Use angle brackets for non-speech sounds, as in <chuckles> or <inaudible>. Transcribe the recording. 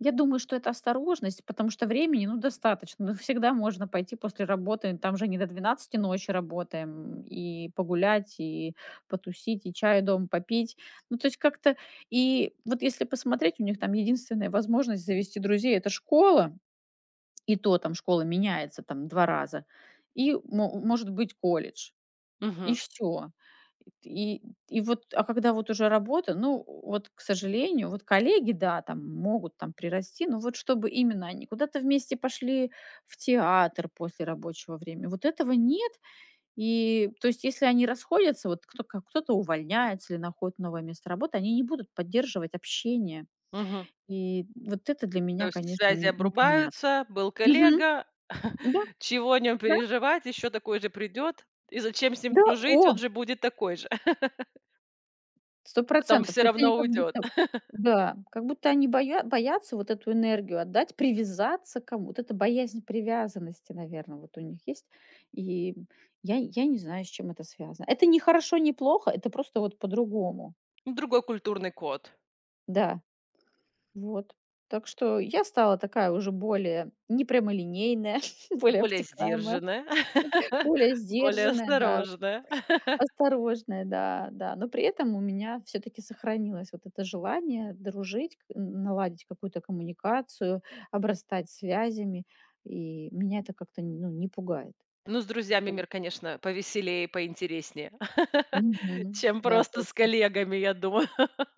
Я думаю, что это осторожность, потому что времени, ну, достаточно. Ну, всегда можно пойти после работы. Там же не до 12 ночи работаем. И погулять, и потусить, и чай дома попить. Ну, то есть как-то И вот если посмотреть, у них там единственная возможность завести друзей- это школа, и то, там школа меняется там 2 раза, и мо может быть, колледж, и Мгм. всё. И т и и вот, а когда вот уже работа, ну, э, вот, к сожалению, вот коллеги- да, там могут там прирасти, но вот чтобы именно они куда-то вместе пошли в театр после рабочего время- вот этого нет. И то есть если они расходятся, вот кто ка кто-то увольняется или находит новое место работы, они не будут поддерживать общение. Мгм. И, м, вот это для То меня, есть конечно, связи н непонятно. обрубаются: был Мгм. коллега, <chuckles> Да, чего о нём да. переживать, еще такой же придет. И зачем с ним Да, дружить? Он о. же будет такой же. <chuckles> сто Потом процентов. всё То есть они равно как уйдет. будто <chuckles> да, как будто они боя боятся вот эту энергию отдать, привязаться к кому. Вот эта боязнь привязанности, наверно, вот у них есть. И я я не знаю, с чем это связано. Это ни хорошо, ни плохо. Это просто вот по-другому. Другой культурный код. Да, вот. Так что я стала такая уже более непрямолинейная, <chuckles> более Более обтекаемая, сдержанная, более <laughs> более сдержанная, да, осторожная. <laughs> осторожная, да, да. Но при этом у меня всё-таки сохранилось вот это желание дружить, к н наладить какую-то коммуникацию, обрастать связями. И меня это как-то, н ну, не пугает. Ну, с друзьями Вот. мир, конечно, повеселее и поинтереснее, <laughs> Мгм, чем да, просто с точно. коллегами, я думаю. <laughs>